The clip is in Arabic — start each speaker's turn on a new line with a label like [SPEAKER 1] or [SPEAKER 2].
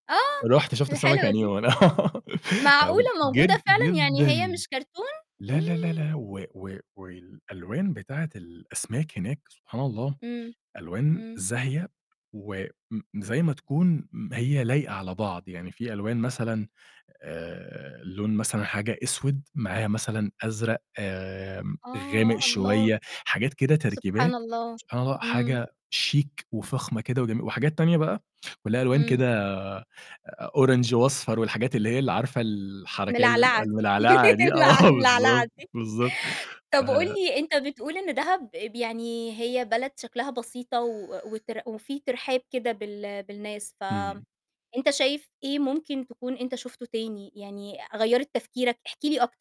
[SPEAKER 1] آه،
[SPEAKER 2] رُحت شُفت السمك
[SPEAKER 1] الحلوة
[SPEAKER 2] يعني
[SPEAKER 1] دي.
[SPEAKER 2] وأنا
[SPEAKER 1] معقولة
[SPEAKER 2] أو
[SPEAKER 1] موجودة
[SPEAKER 2] جد
[SPEAKER 1] فعلًا يعني هي
[SPEAKER 2] جدًا
[SPEAKER 1] مش كرتون؟!
[SPEAKER 2] لا، لا، لا،
[SPEAKER 1] إمم.
[SPEAKER 2] لا، و و والألوان بتاعة الأسماك هناك سبحان الله
[SPEAKER 1] إمم،
[SPEAKER 2] ألوان
[SPEAKER 1] إمم.
[SPEAKER 2] زاهية وإمم زي ما تكون هي لايقة على بعض، يعني في ألوان مثلًا آآ لون مثلًا حاجة أسود معاها مثلًا أزرق آمم، غامق
[SPEAKER 1] آه الله،
[SPEAKER 2] شوية حاجات كده
[SPEAKER 1] سبحان
[SPEAKER 2] تركيبات،
[SPEAKER 1] الله،
[SPEAKER 2] سبحان الله
[SPEAKER 1] إمم.
[SPEAKER 2] حاجة شيك وفخمة كده وجمي وحاجات تانية بقى ولها ألوان
[SPEAKER 1] إمم.
[SPEAKER 2] كده orange وأصفر والحاجات اللي هي ال عارفة الحركية ال
[SPEAKER 1] ملعلعة دي
[SPEAKER 2] الملعلعة دي،
[SPEAKER 1] ملع
[SPEAKER 2] آه
[SPEAKER 1] ملعلعة
[SPEAKER 2] بالضبط،
[SPEAKER 1] دي.
[SPEAKER 2] بالضبط ف
[SPEAKER 1] طَب قُل لي أنت بتقول إن دهب ب يعني هي بلد شكلها بسيطة و وتر وفي ترحاب كده بال بالناس
[SPEAKER 2] إمم.
[SPEAKER 1] فأنت شايف إيه ممكن تكون أنت شُفته تاني يعني غيرِت تفكيرك؟ احكِ لي أكتر.